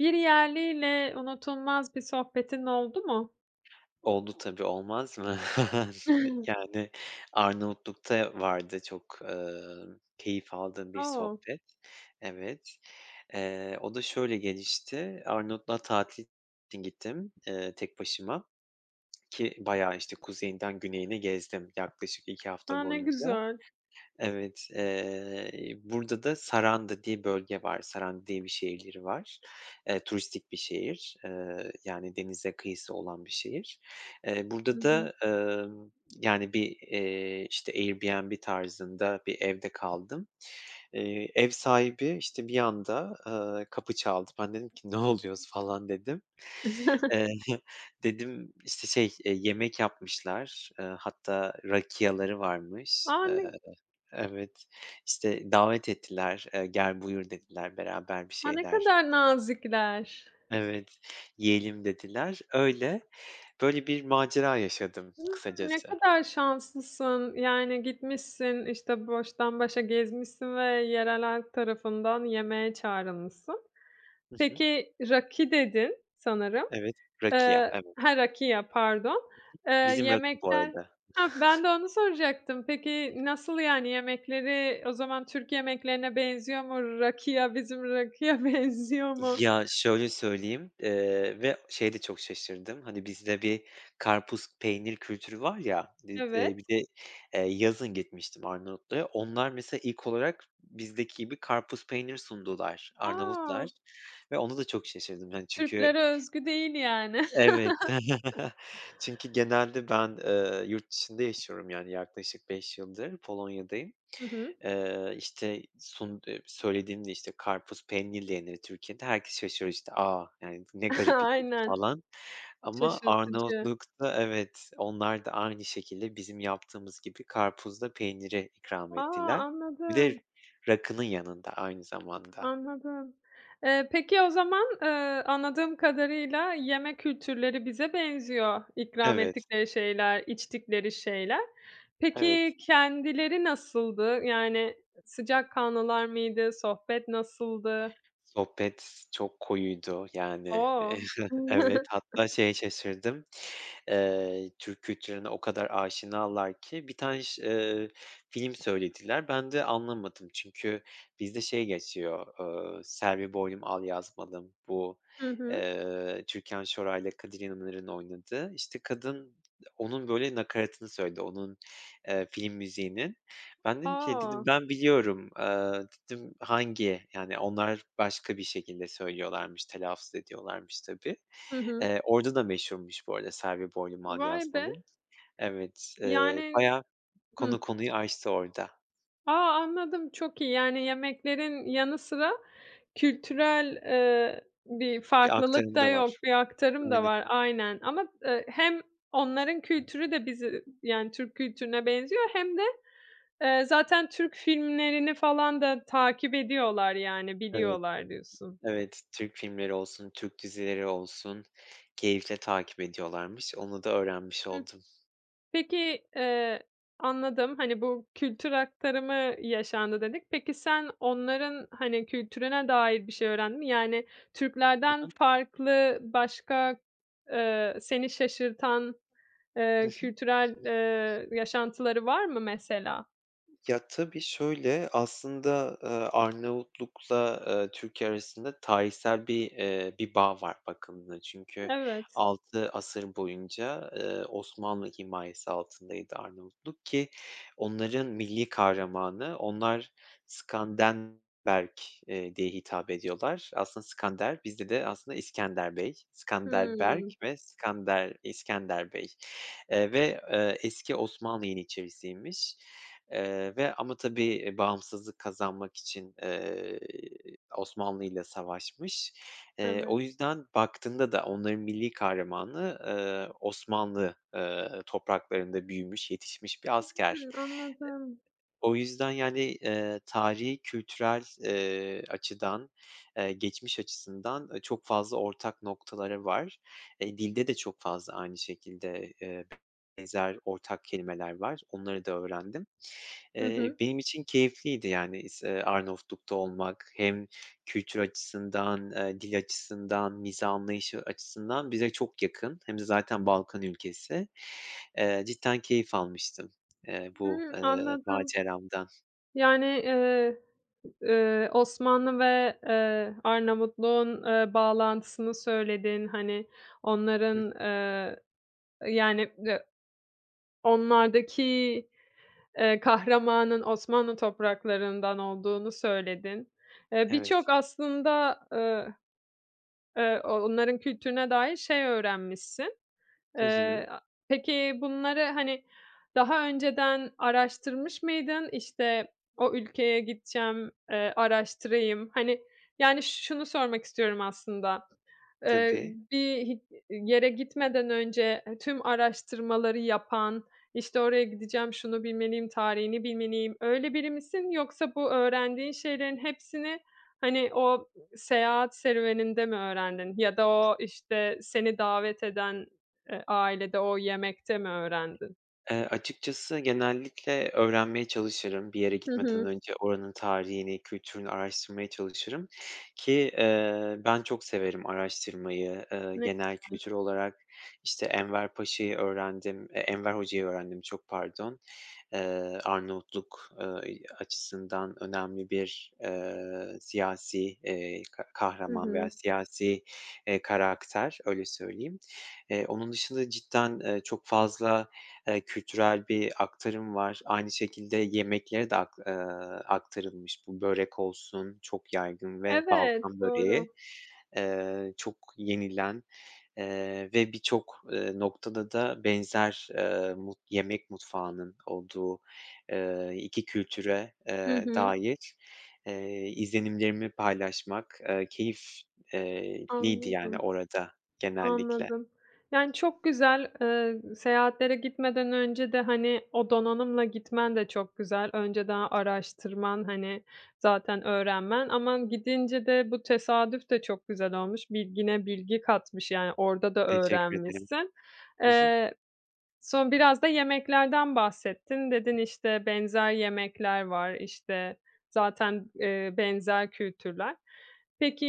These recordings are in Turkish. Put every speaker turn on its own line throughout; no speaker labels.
Bir yerliyle unutulmaz bir sohbetin oldu mu?
Oldu tabii, olmaz mı? Yani, Arnavutluk'ta vardı. Çok, eee, keyif aldığım bir
O!
sohbet. Evet, eee, o da şöyle gelişti. Arnavutluk'a tatil için gittim, eee, tek başıma. Ki bayağı, işte, kuzeyinden güneyine gezdim yaklaşık 2 hafta
A, ne
boyunca.
güzel!
Evet, eee, burada da Saranda diye bölge var. Saranda diye bir şehirleri var. Eee, turistik bir şehir, eee, yani, denize kıyısı olan bir şehir. Eee,
Hı
burada
hı.
da, emm, yani, bir, eee, işte, Airbnb tarzında bir evde kaldım. Eee, ev sahibi, işte, bir anda, eee, kapı çaldı. Ben dedim ki, "Ne oluyoruz?" falan dedim Eee, dedim, işte, şey, eee, yemek yapmışlar, eee, hatta rakia'ları varmış.
A,
Eee
ne
Evet, işte, davet ettiler. Eee, "Gel, buyur." dediler, beraber bir
A! Ne
şeyler
kadar nazikler.
Evet, "Yiyelim." dediler. Öyle. Böyle bir macera yaşadım
Hıı, ne
kısacası.
kadar şanslısın. Yani, gitmişsin, işte, baştan başa gezmişsin ve yerel halk tarafından yemeğe çağrılmışsın.
Hı hı.
Peki, "raki" dedin sanırım.
Evet, rakia
Eee
evet.
Ha, rakia pardon. Eee,
Bizim rakı bu
yemekler
arada.
Ha, ben de onu soracaktım. Peki, nasıl, yani, yemekleri o zaman Türk yemeklerine benziyor mu? Rakia bizim rakıya benziyor mu?
Ya, şöyle söyleyeyim: Eee, ve şeye de çok şaşırdım. Hani, bizde bir karpuz, peynir kültürü var ya, dit eee, bir
Evet.
de, eee, yazın gitmiştim Arnavutluk'a. Onlar mesela ilk olarak bizdeki gibi karpuz, peynir sundular Arnavutlar
A!
ve ona da çok şaşırdım. Hani, çünkü
Türklere özgü değil yani.
Evet, çünkü genelde ben, eee, yurt dışında yaşıyorum, yani, yaklaşık 5 yıldır Polonya'dayım.
Hı hı.
Eee, işte, sund eee, söylediğimde, işte, "Karpuz peynirle yenir Türkiye'de." herkes şaşırıyor, işte, "A! Yani, ne garip." [unintelligible]
Aynen,
falan ama
şaşırtıcı.
Arnavutluk'ta Evet, onlar da aynı şekilde bizim yaptığımız gibi karpuz da peyniri ikram
A!
ettiler. Bir de
Anladım.
rakının yanında aynı zamanda.
Anladım. Eee, peki o zaman, eee, anladığım kadarıyla yeme kültürleri bize benziyor ikram
Evet.
ettikleri şeyler, içtikleri şeyler.
Evet.
Peki kendileri nasıldı? Yani sıcakkanlılar mıydı? Sohbet nasıldı?
Sohbet çok koyuydu, yani.
O!
Evet, hatta şeye şaşırdım. Eee, Türk kültürüne o kadar aşinalar ki bir tane ş eee, film söylediler. Ben de anlamadım. Çünkü bizde şey geçiyor, ııı, “Selvi Boylum Al Yazmalım” bu,
Hı hı.
eee, Türkan Şoray'la Kadir İnanır'ın oynadığı. İşte, kadın onun, böyle, nakaratını söyledi, onun, eee, film müziğinin. Ben dedim ki, dedim,
A!
“Ben biliyorum.” Eee, dedim, “Hangi?” Yani, onlar başka bir şekilde söylüyorlarmış, telaffuz ediyorlarmış tabii.
Hı hı.
Eee, orada da meşhurmuş bu arada “Selvi Boylum Al
Vay be!
Yazmalım.” Evet, eee,
Yani
bayağı
Hıh.
konu konuyu açtı orada.
A, anladım, çok iyi. Yani yemeklerin yanı sıra kültürel, eee, bir
Bir
farklılık
aktarım
da
da var.
yok. Bir aktarım da
Aynen.
var, aynen ama, eee, hem onların kültürü de bizi yani Türk kültürüne benziyor hem de, eee, zaten Türk filmlerini falan da takip ediyorlar, yani,
Evet,
biliyorlar diyorsun.
evet, Türk filmleri olsun, Türk dizileri olsun keyifle takip ediyorlarmış. Onu da öğrenmiş
Hıh.
oldum.
Peki, eee, anladım. Hani, bu kültür aktarımı yaşandı dedik. Peki sen onların, hani, kültürüne dair bir şey öğrendin mi? Yani Türklerden
[unintelligible]
farklı başka, eee, seni şaşırtan,
Hı
eee,
hı.
kültürel, eee, yaşantıları var mı mesela?
Ya, tabii. Şöyle: Aslında, ııı, Arnavutluk'la, ııı, Türkiye arasında tarihsel bir, eee, bir bağ var bakıldığında. Çünkü
Evet.
6 asır boyunca, eee, Osmanlı himayesi altındaydı Arnavutluk ki onların milli kahramanı, onlar Skandenberg, eee, diye hitap ediyorlar. Aslında Skander, bizde de aslında İskender Bey, Skanderberg
Hımm.
ve Skander, İskender Bey, eee, ve, eee, eski Osmanlı yeniçerisiymiş, eee, ve ama tabii, eee, bağımsızlık kazanmak için, eee, Osmanlı'yla savaşmış. Eee,
Evet.
o yüzden baktığında da onların milli kahramanı, ııı, Osmanlı, ııı, topraklarında büyümüş, yetişmiş bir asker.
Hımm.
Eee,
Anladım.
o yüzden yani, eee, tarihi kültürel, eee, açıdan, eee, geçmiş açısından, ııı, çok fazla ortak noktaları var. Eee, dilde de çok fazla aynı şekilde, eee, benzer ortak kelimeler var. Onları da öğrendim.
Hı
Eee,
hı.
benim için keyifliydi, yani, is eee, Arnavutluk'ta olmak hem kültür açısından, eee, dil açısından, mizah anlayışı açısından bize çok yakın. Hem de zaten Balkan ülkesi. Eee, cidden keyif almıştım, eee, bu,
Hımm,
eee,
anladım.
maceramdan.
Yani, eee, eee, Osmanlı ve, eee, Arnavutluk'un, eee, bağlantısını söyledin. Hani,
Hıh.
onların, eee yani, eee, onlardaki, eee, kahramanın Osmanlı topraklarından olduğunu söyledin. Eee,
Evet.
birçok aslında, eee, eee, o onların kültürüne dair şey öğrenmişsin.
Hı hı.
Eee, a peki bunları, hani, daha önceden araştırmış mıydın? İşte, "O ülkeye gideceğim, eee, araştırayım." Hani, yani, şunu sormak istiyorum aslında: Eee,
Tabii.
bir hi yere gitmeden önce, eee, tüm araştırmaları yapan, işte, "Oraya gideceğim, şunu bilmeliyim, tarihini bilmeliyim." öyle biri misin yoksa bu öğrendiğin şeylerin hepsini, hani, o, ııı, seyahat serüveninde mi öğrendin? Ya da o, işte, seni davet eden, eee, ailede o yemekte mi öğrendin?
Eee, açıkçası genellikle öğrenmeye çalışırım. Bir yere
Hı
gitmeden
hı.
önce oranın tarihini, kültürünü araştırmaya çalışırım ki, eee, ben çok severim araştırmayı, ııı,
Ne
genel
güzel.
kültür olarak. İşte, Enver Paşa'yı öğrendim eee, Enver hocayı öğrendim, çok pardon. Eee, Arnavutluk, ııı, eee, açısından önemli bir, eee, siyasi, eee, ka
Hı
kahraman veya
hı.
siyasi, eee, karakter, öyle söyleyeyim. Eee, onun dışında cidden, eee, çok fazla, eee, kültürel bir aktarım var. Aynı şekilde, yemeklere de ak eee, aktarılmış bu. Börek olsun çok yaygın ve Balkan
Evet.
böreği,
Doğru.
eee, çok yenilen, eee, ve birçok, eee, noktada da benzer, eee, mut yemek mutfağının olduğu, eee, 2 kültüre,
Hı
eee,
hı.
dair, eee, izlenimlerimi paylaşmak, eee, keyif, eee, liydi yani
Anladım.
orada genellikle.
Anladım. Yani, çok güzel. Eee, seyahatlere gitmeden önce de, hani, o donanımla gitmen de çok güzel. Önceden araştırman, hani, zaten öğrenmen ama gidince de bu tesadüf de çok güzel olmuş. Bilgine bilgi katmış. Yani orada da
Teşekkür ederim.
öğrenmişsin.
Hı hı.
Eee, son biraz da yemeklerden bahsettin. Dedin, işte, "Benzer yemekler var." İşte, zaten, eee, benzer kültürler.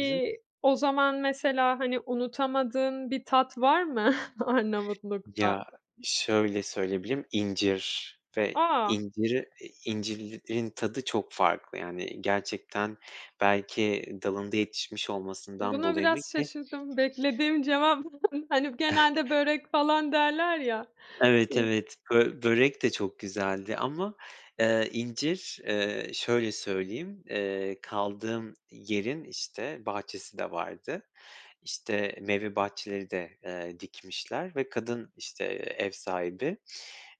Hı hı.
o zaman mesela, hani, unutamadığın bir tat var mı Arnavutluk'ta?
Ya, şöyle söyleyebilirim: İncir ve
A!
inciri i incirlerin tadı çok farklı yani gerçekten belki dalında yetişmiş olmasından
Buna
dolayı mı
biraz
ki?
şaşırdım. Beklediğim cevap hani, genelde "börek" falan derler ya.
Evet,
İ
evet, bö börek de çok güzeldi ama, eee, incir, eee, şöyle söyleyeyim: Eee, kaldığım yerin, işte, bahçesi de vardı. İşte, meyve bahçeleri de, eee, dikmişler ve kadın, işte, eee, ev sahibi,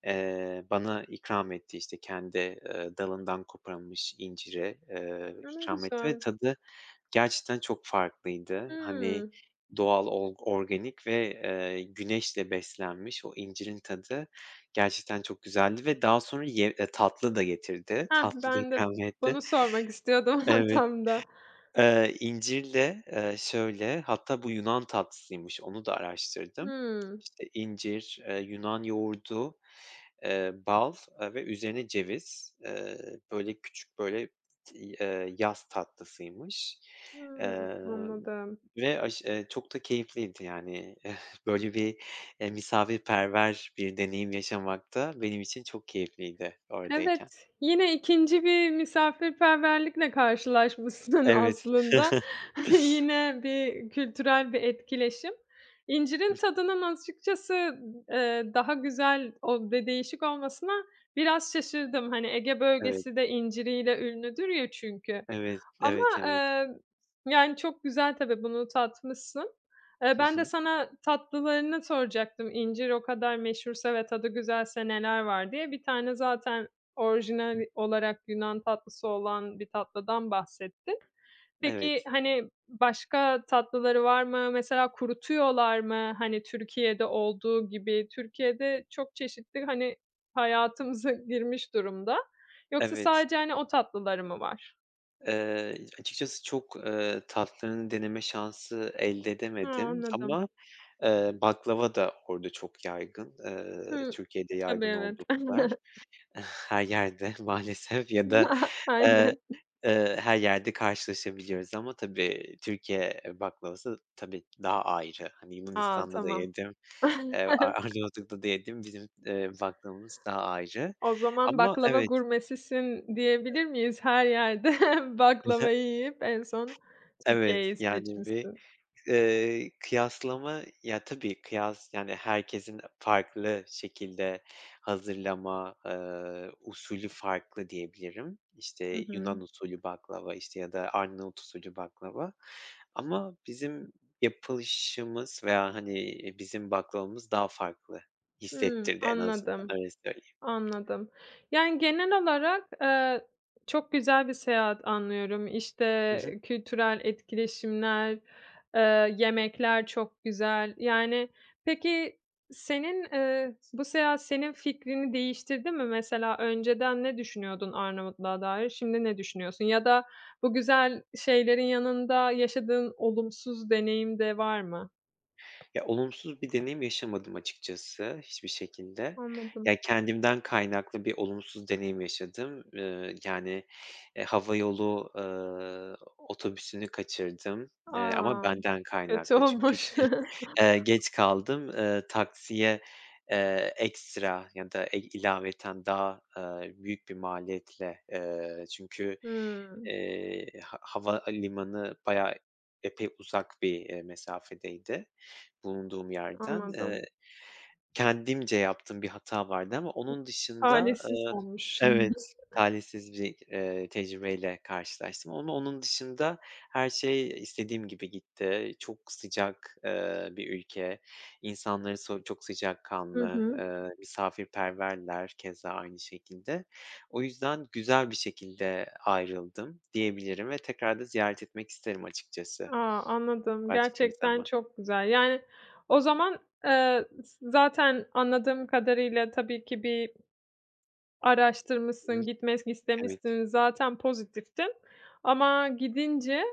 eee, bana ikram etti, işte, kendi, eee, dalından koparılmış inciri, eee,
A! Ne
ikram etti ve
güzel.
tadı gerçekten çok farklıydı. Hani,
Hımm.
doğal olg organik ve, eee, güneşle beslenmiş o incirin tadı, gerçekten çok güzeldi ve daha sonra ye eee, tatlı da getirdi.
Hah!
Tatlı da
Ben de
ikram etti.
bunu sormak istiyordum
Evet,
tam da.
eee, incirle, eee, şöyle: Hatta bu Yunan tatlısıymış. Onu da araştırdım.
Hımm.
İşte, incir, eee, Yunan yoğurdu, eee, bal ve üzerine ceviz, eee, böyle, küçük, böyle, t eee, yaz tatlısıymış,
Hımm,
eee,
anladım.
ve aş eee, çok da keyifliydi yani. Böyle bir, eee, misafirperver bir deneyim yaşamak da benim için çok keyifliydi oradayken.
Evet, yine 2. bir misafirperverlikle karşılaşmışsın
Evet.
aslında. Yine bir kültürel bir etkileşim. İncirin tadının açıkçası, eee, daha güzel o bir de değişik olmasına biraz şaşırdım. Hani, Ege
Evet.
Bölgesi de inciriyle ünlüdür ya çünkü
Evet,
ama,
evet, evet.
eee, yani, çok güzel tabii, bunu tatmışsın. Eee,
Hı
ben de
hı.
sana tatlılarını soracaktım, "İncir o kadar meşhursa ve tadı güzelse neler var?" diye. Bir tane zaten orijinal olarak Yunan tatlısı olan bir tatlıdan bahsettin. Peki,
Evet.
hani, başka tatlıları var mı? Mesela kurutuyorlar mı, hani, Türkiye'de olduğu gibi? Türkiye'de çok çeşittir. Hani, hayatımıza girmiş durumda. Yoksa
Evet.
sadece, hani, o tatlıları mı var?
Eee, açıkçası çok, eee, tatlılarını deneme şansı elde
Ha,
edemedim
anladım.
ama, eee, baklava da orada çok yaygın, eee,
Hımm.
Türkiye'de
Tabii,
yaygın
evet.
oldukları kadar. Her yerde maalesef ya da, eee,,
Aynen.
eee, her yerde karşılaşabiliyoruz ama, tabii, Türkiye baklavası tabii ki daha ayrı. Hani,
A!
Yunanistan'da da
Tamam.
yedim, eee, Ar Arnavutluk'ta da yedim, eee, bizim baklavamız daha ayrı
O zaman,
ama
"Baklava
evet.
gurmesisin." diyebilir miyiz her yerde?
Hı hı.
Baklavayı yiyip en son
Evet,
Türkiye'yi
yani bir,
seçmişsin.
eee, kıyaslama Ya, tabii kıyas Yani, herkesin farklı şekilde hazırlama, eee, usulü farklı diyebilirim.
Hı
İşte,
hı.
Yunan usulü baklava, işte, ya da Arnavut usulü baklava. Ama bizim yapılışımız veya, hani, iii, bizim baklavamız daha farklı
Hımm.
hissettirdi en azından,
Anladım,
öyle söyleyeyim.
anladım. Yani, genel olarak, eee, çok güzel bir seyahat anlıyorum.
Hı hı.
İşte, kültürel etkileşimler, eee, yemekler çok güzel. Yani, peki senin eee, bu seyahat senin fikrini değiştirdi mi? Mesela önceden ne düşünüyordun Arnavutluk'a dair, şimdi ne düşünüyorsun? Ya da bu güzel şeylerin yanında yaşadığın olumsuz deneyim de var mı?
Ya, olumsuz bir deneyim yaşamadım açıkçası hiçbir şekilde.
Anladım.
Ya, kendimden kaynaklı bir olumsuz deneyim yaşadım, eee, yani, eee, hava yolu, ııı, otobüsünü kaçırdım, eee, ama
A!
benden
Kötü
kaynaklı. Çünkü,
olmuş.
eee, geç kaldım, ııı, taksiye, eee, ekstra ya da, e ilaveten daha, ııı, büyük bir maliyetle. Eee, çünkü,
Hımm.
eee, ha havalimanı bayağı epey uzak bir, eee, mesafedeydi bulunduğum yerden. Eee,
Anladım.
kendimce yaptığım bir hata vardı ama onun dışında
Talihsiz
Eee,
olmuş.
evet, talihsiz bir, eee, tecrübeyle karşılaştım onu onun dışında her şey istediğim gibi gitti. Çok sıcak, eee, bir ülke, insanları so çok
Hı
sıcakkanlı,
hı.
eee, misafirperverler keza aynı şekilde. O yüzden güzel bir şekilde ayrıldım diyebilirim ve tekrar da ziyaret etmek isterim açıkça
A! Anladım.
başka bir
Gerçekten
zaman.
çok güzel. Yani, o zaman, eee, z zaten anladığım kadarıyla tabii ki bir araştırmışsın, gitmek
Evet.
istemişsin. Zaten pozitiftin ama gidince,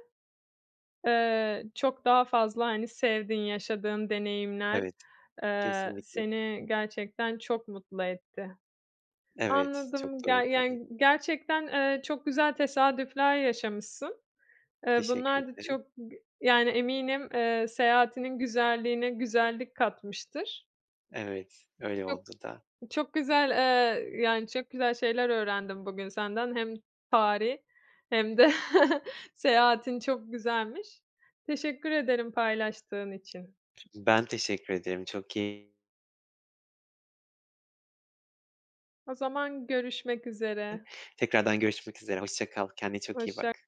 eee, çok daha fazla, hani, sevdiğin, yaşadığın deneyimler,
Evet,
eee,
kesinlikle.
seni gerçekten çok mutlu etti.
Evet, çok
Anladım.
doğru
Ger
ifade et
yani gerçekten, eee, çok güzel tesadüfler yaşamışsın. Eee,
Teşekkür
bunlar da
ederim.
çok g yani, eminim, eee, seyahatinin güzelliğine güzellik katmıştır.
Evet, öyle
Çok,
oldu da.
çok güzel eee, yani, çok güzel şeyler öğrendim bugün senden, hem tarih hem de seyahatin çok güzelmiş. Teşekkür ederim paylaştığın için.
Ben teşekkür ederim, çok keyi
O zaman görüşmek üzere.
[unintelligible] Tekrardan görüşmek üzere, hoşça kal. Kendine çok iyi
Hoşçak
bak.